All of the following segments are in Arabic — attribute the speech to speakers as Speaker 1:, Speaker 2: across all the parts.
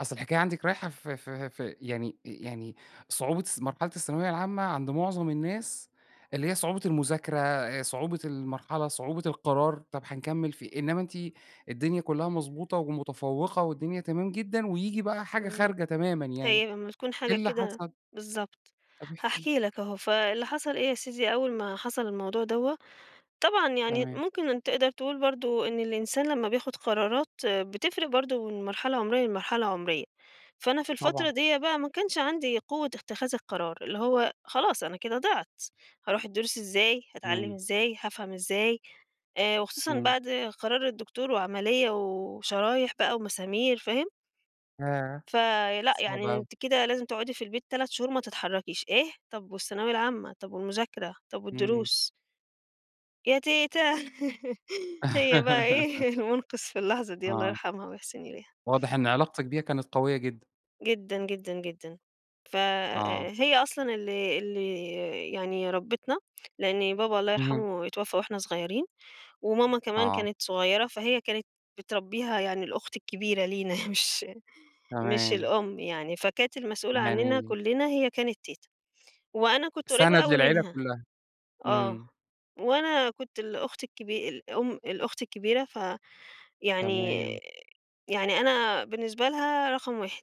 Speaker 1: أصل الحكاية عندِك رايحة في في في يعني يعني صعوبة الث مرحلة الثانوية العامة عند مُعظم الناس اللي هي صعوبة المذاكرة، صعوبة المرحلة، صعوبة القرار، طب هنكمّل في إيه؟ إنّما أنتِ الدنيا كُلّها مظبوطة ومتفوّقة والدنيا تمام جدًا وييجي بقى حاجة
Speaker 2: إمم.
Speaker 1: خارجة تمامًا يعني،
Speaker 2: هي لمّا تكون
Speaker 1: إيه
Speaker 2: حاجة
Speaker 1: اللي
Speaker 2: كده
Speaker 1: حصل؟
Speaker 2: بالضبط.
Speaker 1: طب احكي
Speaker 2: هاحكي لك أهو، فاللي حصل إيه يا سيدي؟ أول ما حصل الموضوع دوّة، طبعًا يعني
Speaker 1: تمام.
Speaker 2: ممكن أنت تقدر تقول برضه إن الإنسان لمّا بياخُد قرارات بتفرق برضه من مرحلة عُمرية، لمرحلة عُمرية. فأنا في الفترة
Speaker 1: طبعًا.
Speaker 2: ديّة بقى ما كانش عندي قوة اتِّخاذ القرار، اللي هو خلاص، أنا كده ضِعت، هاروح الدروس إزاي، هاتعلّم
Speaker 1: إمم.
Speaker 2: إزاي، هافهم إزاي. آآ وخصوصًا
Speaker 1: إمم.
Speaker 2: بعد قرار الدكتور وعملية و وشرايح بقى ومسامير فاهم؟
Speaker 1: ياه!
Speaker 2: فلأ،
Speaker 1: صعبة
Speaker 2: يعني
Speaker 1: أوي.
Speaker 2: أنتِ كده لازم تقعُدي في البيت 3 شهور ما تتحرّكيش. إيه؟! طب والثانوية العامة، طب والمذاكرة، طب
Speaker 1: إمم.
Speaker 2: والدروس؟ يا تيتة، هي بقى إيه، المُنقِذ في اللحظة دي، الله
Speaker 1: آه.
Speaker 2: يرحمها ويِحسِن إليها.
Speaker 1: واضح إن علاقتِك بيها كانت قوية جدًا.
Speaker 2: جدًا، جدًا، جدًا. ف
Speaker 1: آه.
Speaker 2: آآ هي أصلًا اللي اللي يعني ربِّتنا، لإن بابا الله
Speaker 1: اهم.
Speaker 2: يرحمه اتوفّى وإحنا صغيرين وماما كمان
Speaker 1: آه.
Speaker 2: كانت صغيرة، فهي كانت بتربّيها يعني الأخت الكبيرة لينا مش مش
Speaker 1: تمام.
Speaker 2: الأم يعني، فكانت المسؤولة عنّنا
Speaker 1: يعني
Speaker 2: كُلّنا هي كانت تيتة. وأنا كنت قريّبة
Speaker 1: سَنَد
Speaker 2: أوي
Speaker 1: للعيلة
Speaker 2: منها
Speaker 1: كُلّها.
Speaker 2: آه.
Speaker 1: إمم.
Speaker 2: وأنا كنت الأخت الكبي الأم الأخت الكبيرة ف يعني
Speaker 1: تمام.
Speaker 2: يعني أنا بالنسبة لها رقم 1.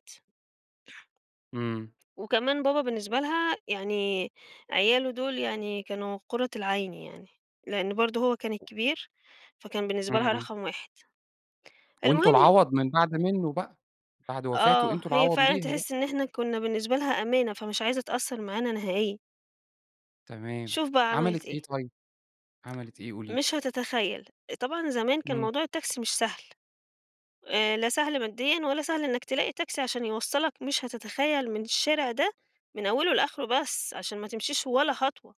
Speaker 1: إمم.
Speaker 2: وكمان بابا بالنسبة لها يعني عياله دول يعني كانوا قُرّة العين يعني، لإن برضه هو كان
Speaker 1: [unintelligible]
Speaker 2: الكبير، فكان بالنسبة لها
Speaker 1: إمم.
Speaker 2: رقم 1.
Speaker 1: وأنتم
Speaker 2: المهم
Speaker 1: العَوَض من بعد منّه بقى، بعد وفاته
Speaker 2: آه.
Speaker 1: أنتم
Speaker 2: هي
Speaker 1: العَوَض
Speaker 2: فعلًا
Speaker 1: ليها بقى.
Speaker 2: تحِس إن إحنا كُنّا بالنسبة لها أمانة، فمش عايزة تأثّر معانا نهائيًا.
Speaker 1: تمام.
Speaker 2: شوف بقى عملت
Speaker 1: عملتِ إيه
Speaker 2: إيه.
Speaker 1: طيب؟ عملت إيه قولي لي؟
Speaker 2: مش هتتخيّل. طبعًا زمان كان
Speaker 1: إمم.
Speaker 2: موضوع التاكسي مش سهل، آآ لا سهل ماديًا ولا سهل إنّك تلاقي تاكسي عشان يوصّلك، مش هتتخيّل من الشارع ده من أوله لآخره بس عشان ما تمشيش ولا خطوة.